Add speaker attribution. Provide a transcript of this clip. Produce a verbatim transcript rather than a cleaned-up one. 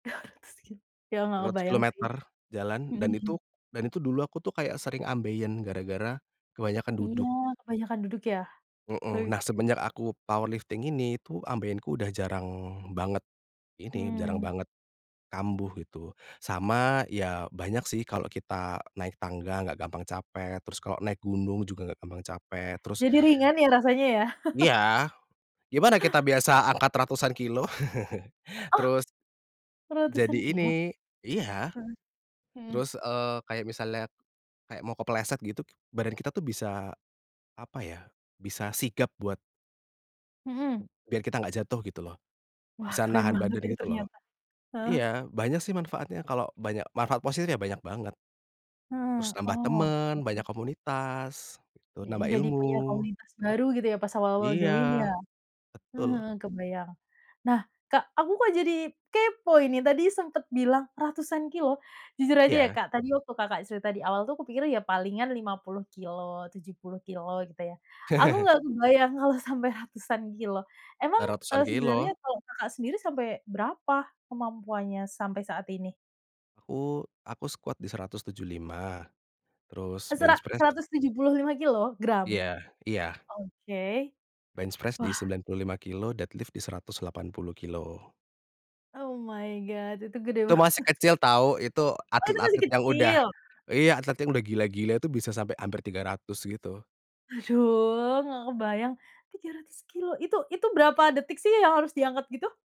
Speaker 1: dua ratus kilo ya, enggak
Speaker 2: seratus kilo
Speaker 1: kebayang sih.
Speaker 2: meter jalan dan itu,
Speaker 1: Mhm.
Speaker 2: dan itu dulu aku tuh kayak sering ambeien gara-gara kebanyakan
Speaker 1: Iya
Speaker 2: duduk.
Speaker 1: kebanyakan duduk ya.
Speaker 2: Heeh, nah
Speaker 1: [unintelligible]
Speaker 2: semenjak aku powerlifting ini tuh, ambeienku udah jarang banget ini, jarang
Speaker 1: Mmm.
Speaker 2: banget kambuh gitu sama ya banyak sih kalo kita naik tangga enggak gampang capek terus kalo naik gunung juga enggak gampang capek terus
Speaker 1: Jadi ringan ya rasanya ya.
Speaker 2: Iya, gimana kita biasa angkat ratusan kilo
Speaker 1: Oh,
Speaker 2: terus
Speaker 1: ratusan
Speaker 2: Jadi
Speaker 1: kilo?
Speaker 2: ini iya
Speaker 1: Heeh, mhm.
Speaker 2: terus, eee, kayak misalnya, kayak mau kepleset gitu badan kita tuh bisa apa ya, bisa sigap buat
Speaker 1: Mhm.
Speaker 2: Biar kita enggak jatuh gitu loh,
Speaker 1: Wah,
Speaker 2: bisa
Speaker 1: keren
Speaker 2: nahan
Speaker 1: banget
Speaker 2: badan
Speaker 1: ini
Speaker 2: gitu loh.
Speaker 1: ternyata, heeh.
Speaker 2: Iya banyak sih manfaatnya kalau banyak manfaat positif ya banyak banget. Terus
Speaker 1: Heeh,
Speaker 2: nambah
Speaker 1: oke.
Speaker 2: temen, banyak komunitas, terus
Speaker 1: Heeh,
Speaker 2: nambah
Speaker 1: jadi punya
Speaker 2: ilmu.
Speaker 1: komunitas baru gitu ya pas awal-awal
Speaker 2: Iya.
Speaker 1: join ya, heeh
Speaker 2: Betul.
Speaker 1: heeh kebayang. Nah, Kak, aku kok jadi kepo ini, tadi sempet bilang ratusan kilo jujur aja ya
Speaker 2: Iya.
Speaker 1: Kak tadi waktu Kakak di awal tuh aku pikir ya palingan lima puluh kilo, tujuh puluh kilo gitu ya. Aku enggak kebayang kalau sampai ratusan kilo. Emang,
Speaker 2: Udah ratusan
Speaker 1: eee, sebenarnya
Speaker 2: kilo.
Speaker 1: kalau, Kakak sendiri sampai berapa kemampuannya sampai saat ini?
Speaker 2: Aku aku squat di seratus tujuh puluh lima terus
Speaker 1: Sera
Speaker 2: bench press
Speaker 1: seratus tujuh puluh lima kilo gram?
Speaker 2: Iya iya.
Speaker 1: Oke.
Speaker 2: Bench press di
Speaker 1: Wah.
Speaker 2: sembilan puluh lima kilo, dead lift di seratus delapan puluh kilo.
Speaker 1: Oh my God, itu gede
Speaker 2: Itu masih
Speaker 1: banget.
Speaker 2: kecil tahu, itu
Speaker 1: Oh itu masih
Speaker 2: atlet-atlet yang udah
Speaker 1: kecil?
Speaker 2: iya, atlet-atlet yang udah gila-gila itu bisa sampai hampir tiga ratus gitu.
Speaker 1: Aduh, enggak kebayang tiga ratus kilo itu itu berapa detik sih yang harus diangkat gitu?